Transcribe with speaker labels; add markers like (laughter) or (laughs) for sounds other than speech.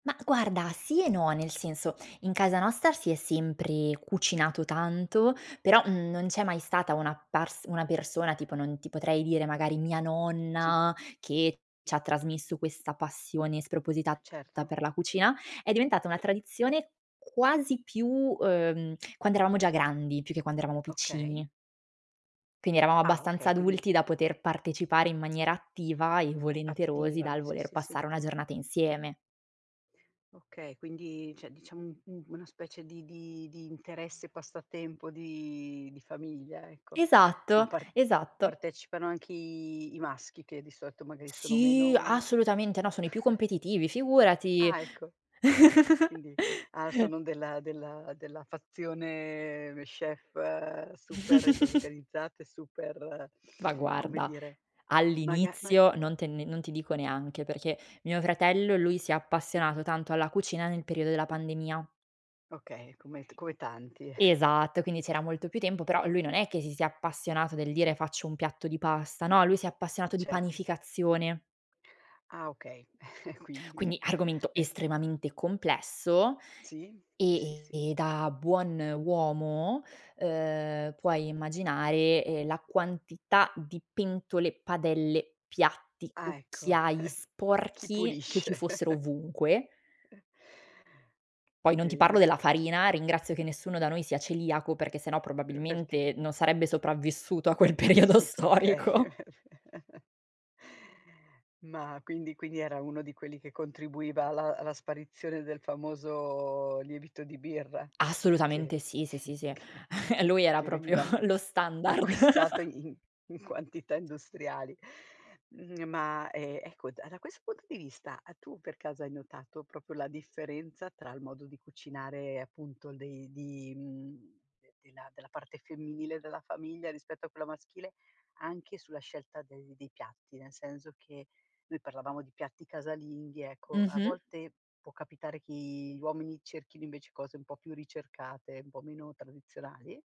Speaker 1: Ma guarda, sì e no, nel senso: in casa nostra si è sempre cucinato tanto, però non c'è mai stata una pars una persona, tipo non ti potrei dire magari mia
Speaker 2: Sì.
Speaker 1: nonna che c'ha trasmesso questa passione spropositata
Speaker 2: Certo.
Speaker 1: per la cucina; è diventata una tradizione quasi più, uhm, quando eravamo già grandi, più che quando eravamo
Speaker 2: Okay.
Speaker 1: piccini. Quindi eravamo
Speaker 2: Ah
Speaker 1: abbastanza
Speaker 2: okay, quindi
Speaker 1: adulti da poter partecipare in maniera attiva e volenterosi
Speaker 2: Attiva,
Speaker 1: dal
Speaker 2: sì,
Speaker 1: voler
Speaker 2: sì, sì.
Speaker 1: passare una giornata insieme.
Speaker 2: Okay, quindi cioè, diciamo un un una specie di di di interesse, passatempo di di famiglia, ecco. Ma
Speaker 1: Esatto,
Speaker 2: par
Speaker 1: esatto.
Speaker 2: partecipano anche i i maschi, che di solito magari sono
Speaker 1: Sì,
Speaker 2: meno
Speaker 1: assolutamente, no sono i più
Speaker 2: (chuckles)
Speaker 1: competitivi, figurati.
Speaker 2: Ah ecco.
Speaker 1: (chuckles)
Speaker 2: Quindi ah, sono della del della fazione, ehm, chef super
Speaker 1: (chuckles)
Speaker 2: organizzate e super,
Speaker 1: Ma
Speaker 2: come
Speaker 1: guarda,
Speaker 2: dire, maga ma
Speaker 1: all'inizio non te ne non ti dico neanche, perché mio fratello, lui si è appassionato tanto alla cucina nel periodo della pandemia.
Speaker 2: Okay, come t come tanti. (chuckles)
Speaker 1: Esatto, quindi c'era molto più tempo, però lui non è che si sia appassionato del dire: "Faccio un piatto di pasta", no, lui si è appassionato di
Speaker 2: Certo.
Speaker 1: panificazione.
Speaker 2: Ah okay, (chuckles) quindi,
Speaker 1: Quindi argomento
Speaker 2: uhm
Speaker 1: estremamente complesso.
Speaker 2: Sì, sì, sì,
Speaker 1: E
Speaker 2: sì.
Speaker 1: e e da buon uomo, uhm, puoi immaginare, ehm, la quantità di pentole, padelle, piatti,
Speaker 2: Ah ecco.
Speaker 1: cucchiai
Speaker 2: (chuckles) Chi
Speaker 1: sporchi che
Speaker 2: pulisce?
Speaker 1: ci fossero
Speaker 2: (chuckles)
Speaker 1: ovunque.
Speaker 2: E
Speaker 1: Poi
Speaker 2: Mh,
Speaker 1: non ti parlo
Speaker 2: bene.
Speaker 1: della farina, ringrazio che nessuno da noi sia celiaco perché se no
Speaker 2: Uhm, perché?
Speaker 1: probabilmente non sarebbe sopravvissuto a quel periodo
Speaker 2: Su to okay.
Speaker 1: storico.
Speaker 2: (chuckles) Ma quindi quindi era uno di quelli che contribuiva alla alla sparizione del famoso lievito di birra, che
Speaker 1: Assolutamente sì, sì,
Speaker 2: (chuckles)
Speaker 1: sì, sì.
Speaker 2: che
Speaker 1: (chuckles) lui era
Speaker 2: che
Speaker 1: proprio
Speaker 2: veniva a
Speaker 1: lo standard.
Speaker 2: (chuckles) acquistato
Speaker 1: (laughs)
Speaker 2: in in quantità industriali. Mhmm, ma, ehm, ecco, da questo punto di vista, uhm, tu per caso hai notato proprio la differenza tra il modo di cucinare, appunto dei di mhmm, de della parte femminile della famiglia rispetto a quella maschile, anche sulla scelta dei dei piatti; nel senso che noi parlavamo di piatti casalinghi, ecco a
Speaker 1: Mh-mh.
Speaker 2: volte può capitare che gli uomini cerchino invece cose un po' più ricercate, un po' meno tradizionali?